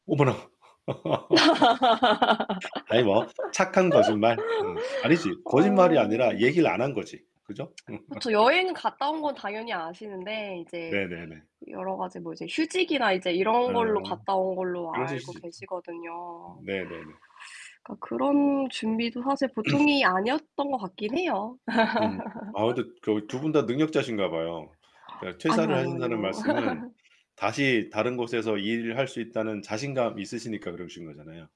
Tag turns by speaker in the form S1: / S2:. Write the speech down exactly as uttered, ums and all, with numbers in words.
S1: 어머나. 아니 뭐 착한 거짓말. 음 아니지 거짓말이
S2: 어.
S1: 아니라 얘기를 안 한 거지. 그죠?
S2: 그쵸. 여행 갔다 온 건 당연히 아시는데 이제
S1: 네네네.
S2: 여러 가지 뭐 이제 휴직이나 이제 이런
S1: 아
S2: 걸로 갔다 온 걸로
S1: 그러실
S2: 알고
S1: 수 있죠.
S2: 계시거든요.
S1: 네네네.
S2: 그러니까
S1: 어.
S2: 그런 준비도 사실 보통이 아니었던 것 같긴 해요.
S1: 음 아 근데 그 어 두 분 다 능력자신가 봐요. 그러니까
S2: 아니요,
S1: 퇴사를
S2: 아니요,
S1: 하신다는
S2: 아니요.
S1: 말씀은 다시 다른 곳에서 일을 할 수 있다는 자신감이 있으시니까 그러신 거잖아요.